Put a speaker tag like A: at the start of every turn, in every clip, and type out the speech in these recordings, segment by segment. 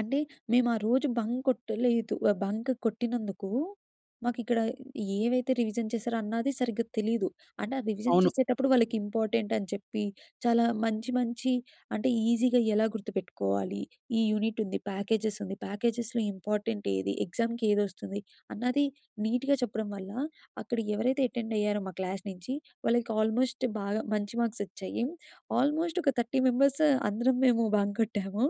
A: అంటే, మేము ఆ రోజు బంక్ కొట్టలేదు. ఆహ్, బంక్ కొట్టినందుకు మాకు ఇక్కడ ఏవైతే రివిజన్ చేశారో అన్నాది సరిగ్గా తెలీదు. అంటే ఆ రివిజన్
B: అవును.
A: చేసేటప్పుడు వాళ్ళకి ఇంపార్టెంట్ అని చెప్పి, చాలా మంచి మంచి అంటే ఈజీగా ఎలా గుర్తుపెట్టుకోవాలి, ఈ యూనిట్ ఉంది. ప్యాకేజెస్ ఉంది. ప్యాకేజెస్‌లో ఇంపార్టెంట్ ఏది, ఎగ్జాముకి ఏది వస్తుంది, అన్నది నీట్‌గా చెప్పడం వల్ల, అక్కడ ఎవరైతే అటెండ్ అయ్యారో మా క్లాస్ నుంచి, వాళ్ళకి ఆల్మోస్ట్ బాగా మంచి మార్క్స్ వచ్చాయి. ఆల్మోస్ట్ ఒక 30 మెంబర్స్ అందరం మేము బంక్ కొట్టాము.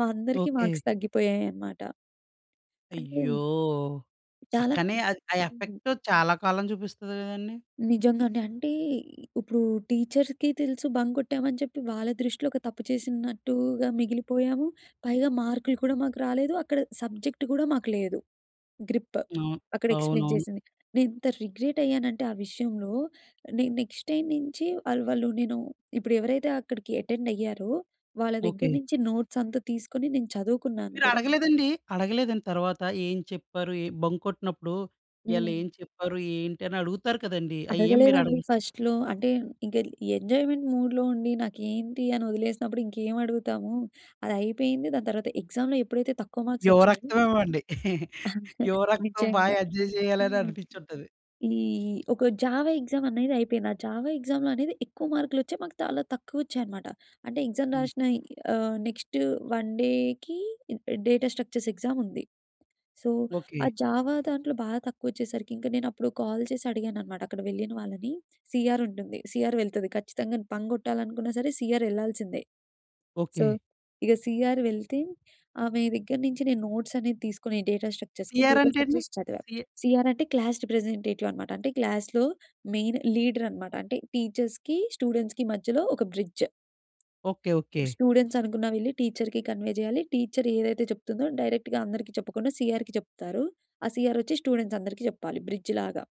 A: మా అందరికీ
B: ఓకే.
A: మార్క్స్ తగ్గిపోయాయి అనమాట. అంటే
B: అయ్యో!
A: చాలా
B: అక్కడనే ఆ ఆ
A: హ్మ్.
B: ఎఫెక్ట్ చాలా కాలం చూపిస్తది కదండీ?
A: నిజంగానే. అంటే, ఇప్పుడు టీచర్స్‌కి తెలుసు బంక్ కొట్టాము అని చెప్పి, వాళ్ళ దృష్టిలో ఒక తప్పు చేసినట్టుగా మిగిలిపోయాము. పైగా మార్కులు కూడా మాకు రాలేదు. అక్కడ సబ్జెక్ట్ కూడా మాకు లేదు. గ్రిప్.
B: అవును.
A: అక్కడ ఎక్స్‌ప్లెయిన్
B: అవునవును.
A: చేసింది. నేను ఇంత రిగ్రెట్ అయ్యానంటే ఆ విషయంలో, నేను నెక్స్ట్ టైమ్ నుంచి వాళ్ళు, వాళ్ళు నేను ఇప్పుడు ఎవరైతే అక్కడికి అటెండ్ అయ్యారో వాళ్ళ దగ్గర
B: ఓకే.
A: నుంచి నోట్స్ అంతా తీసుకొని నేను చదువుకున్నాను
B: మీరు
A: కూడా.
B: అడగలేదండి, అడగలేదండి తరువాత ఏం చెప్పారు ఏం బంక్ కొట్టినప్పుడు, ఇయళ
A: హ్మ్.
B: ఏం చెప్పారు? ఏంటి? అని అడుగుతారు కదండీ. అవి ఏమి మీరు
A: అడగలేదండి
B: అడగలే?
A: ఫస్ట్‌లో. అంటే, ఇంక ఎంజాయ్‌మెంట్ మూడ్‌లో ఉండి నాకేంటి అని వదిలేసినప్పుడు ఇంకేమి అడుగుతాము. అది అయిపోయింది. దాని తర్వాత ఎగ్జామ్‌లో ఎప్పుడైతే తక్కువ మార్క్స్
B: యువ
A: వచ్చాయో
B: రక్తం ఏవో‌ అండి. యువ రక్తం, బాగా
A: నిజంగా.
B: ఎంజాయ్ చేయాలి, అని
A: హ్మ్,
B: అనిపించి ఉంటది.
A: ఈ ఒక జావా ఎగ్జామ్‌ అనేది అయిపోయింది. ఆ జావా ఎగ్జామ్ అనేది ఎక్కువ మార్కులు వచ్చేయి, మాకు చాలా తక్కువ వచ్చాయి అన్నమాట. అంటే ఎగ్జామ్‌
B: హ్మ్.
A: రాసిన ఆహ్, నెక్స్ట్ వన్ డేకి day day data structures exam ఉంది. సో, ఆ
B: ఓకే.
A: జావా దాంట్లో బాగా తక్కువ వచ్చేసరికి ఇంకా నేను అప్పుడు కాల్ చేసి అడిగాను అనమాట అక్కడ వెళ్ళిన వాళ్ళని. సి ఆర్ ఉంటుంది. సి ఆర్ వెళ్తది ఖచ్చితంగా. బంక్ కొట్టాలనుకున్నా సరే, సి ఆర్ ఎళ్ళాల్సిందే. So,
B: okay.
A: ఇక సి ఆర్ వెళ్తే ఆమె దగ్గర నుంచి నేను నోట్స్ అనేది తీసుకొని డేటా
B: సి
A: స్ట్రక్చర్స్‌కి,
B: ఆర్
A: డేటా
B: అంటే అండి?
A: స్ట్రక్చర్స్ చదివా.
B: సి
A: సి ఆర్ అంటే క్లాస్ రిప్రజెంటేటివ్ అన్నమాట. అంటే క్లాస్‌లో మెయిన్ లీడర్ అన్నమాట. అంటే, టీచర్స్‌కి, స్టూడెంట్స్‌కి మధ్యలో ఒక బ్రిడ్జ్.
B: ఓకే. ఓకే.
A: ఇప్పుడు స్టూడెంట్స్ అనుకున్నవి వెళ్లి టీచర్‌కి కన్వే చేయాలి. టీచర్ ఏదైతే చెప్తుందో డైరెక్ట్‌గా అందరికీ చెప్పకుండా సి ఆర్‌కి చెప్తారు. ఆ సి ఆర్ వచ్చి స్టూడెంట్స్ అందరికి చెప్పాలి బ్రిడ్జ్ లాగా.